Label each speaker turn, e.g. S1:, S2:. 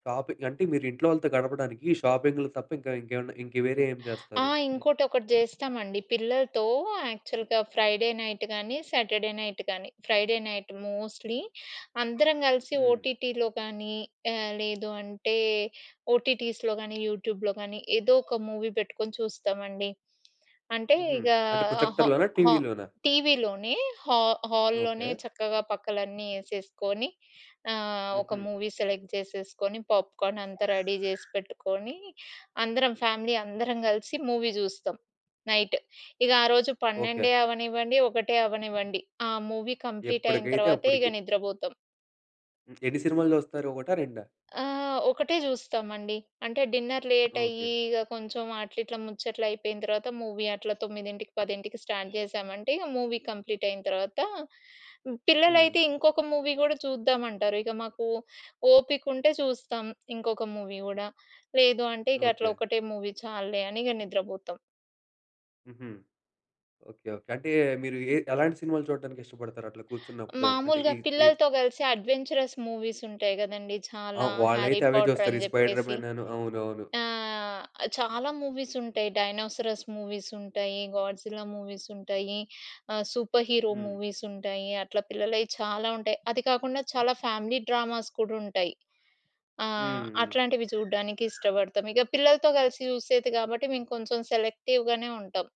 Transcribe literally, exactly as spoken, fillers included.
S1: Shopping అంటే మీరింట్లో వాళ్ళతో గడపడానికి షాపింగ్లు తప్ప ఇంక ఇంకేమన్న ఇంక వేరే ఏం
S2: ఆ!
S1: జేస్తారు? హ్మ్.
S2: ఇంకోటొకటి జేస్తామండి పిల్లలతో యాక్చల్‌గా ఫ్రైడే నైట్ గానీ, సాటర్డే నైట్ గానీ, ఫ్రైడే నైట్ మోస్ట్‌లీ అందరం గలిసి
S1: హ్మ్.
S2: ఓటీటీలో కానీ, ఆహ్, లేదు అంటే ఓటీటీస్‌లో గానీ, యూట్యూబ్‌లో గానీ ఏదో ఒక మూవీ పెట్టుకొని చూస్తామండి. అంటే
S1: హ్మ్.
S2: ఇగా
S1: అంటే
S2: హా
S1: ప్రొజెక్టర్‌లోనా?
S2: హా
S1: టీవీ‌లోనా?
S2: టీవీలోనే, హా హాల్‌లోనే
S1: ఓకే.
S2: చక్కగా పక్కలన్నీ ఏసేసుకొని ఆహ్, ఒక
S1: హుహు.
S2: మూవీ సెలెక్ట్ చేసేసుకొని, పాప్‌కార్న్ అంతా రెడీ జేసి పెట్టుకొని, అందరం ఫ్యామిలీ అందరం గలిసి మూవీ జూస్తాం. నైట్ ఇగ ఆ రోజు
S1: ఓకే.
S2: పన్నెండే అవ్వనివ్వండి, ఒకటే అవ్వనివ్వండి, ఆ మూవీ కంప్లీటయిన
S1: ఎప్పటికైతే
S2: తర్వాతే ఇగ
S1: అప్పుడికి.
S2: నిద్రబోతం.
S1: హ్మ్. ఎన్ని సినిమాలు చూస్తారు ఒకటా? రెండా?
S2: ఆహ్, ఒకటే జూస్తామండి. అంటే డిన్నర్ లేటయ్యి,
S1: ఓకే.
S2: ఇగ కొంచుం అట్లా ఇట్లా ముచ్చట్లైపోయిన తర్వాత మూవీ అట్లా తొమ్మిదింటికి పదింటికి స్టార్ట్ చేశామంటే ఇగ మూవీ కంప్లీటయిన తర్వాత
S1: హ్మ్.
S2: పిల్లలైతే ఇంకొక మూవీ కూడా చూద్దామంటారు. ఇక మాకు ఓపికుంటే చూస్తాం ఇంకొక మూవీ గూడా. లేదు అంటే ఇకట్లా
S1: ఓకే.
S2: ఒకటే మూవీ చాల్లే అని ఇగ నిద్రపోతాం.
S1: హుహు. ఓకే. ఓకే. అంటే మీరు ఎ ఎలాంటి సినిమాలు చూడ్డానికిష్టపడతారు అట్లా కూర్చున్నప్పుడు? అంటే
S2: మాములుగా
S1: ఈ ఈ
S2: పిల్లలతో గలిసి అడ్వెంచరస్ మూవీస్ ఉంటాయి గదండీ!
S1: ఆ!
S2: చాలా, 'హ్యారీ
S1: వాళ్ళైతే అవే
S2: పాటర్'
S1: చూస్తారు.
S2: అని
S1: ఈ స్పైడర్
S2: చెప్పేసి
S1: మ్యాన్ అను, అవునవును.
S2: ఆహ్, చాలా మూవీస్ ఉంటాయి. డైనోసారస్ మూవీస్ ఉంటాయి, గాడ్‌జిల్లా మూవీస్ ఉంటాయి, ఆహ్, సూపర్ హీరో
S1: హ్మ్.
S2: మూవీస్ ఉంటాయి. అట్లా పిల్లలయి చాలా ఉంటాయి. అది కాకుండా చాలా ఫ్యామిలీ డ్రామాస్ కూడా ఉంటాయి. ఆ!
S1: హ్మ్, హ్మ్.
S2: అట్లాంటివి జూడ్డానికి ఇష్టపడతాం. ఇక పిల్లలతో గలిసి చూసేది గాబట్టి మేము కొంచుం సెలెక్టివ్‌గానే ఉంటాం.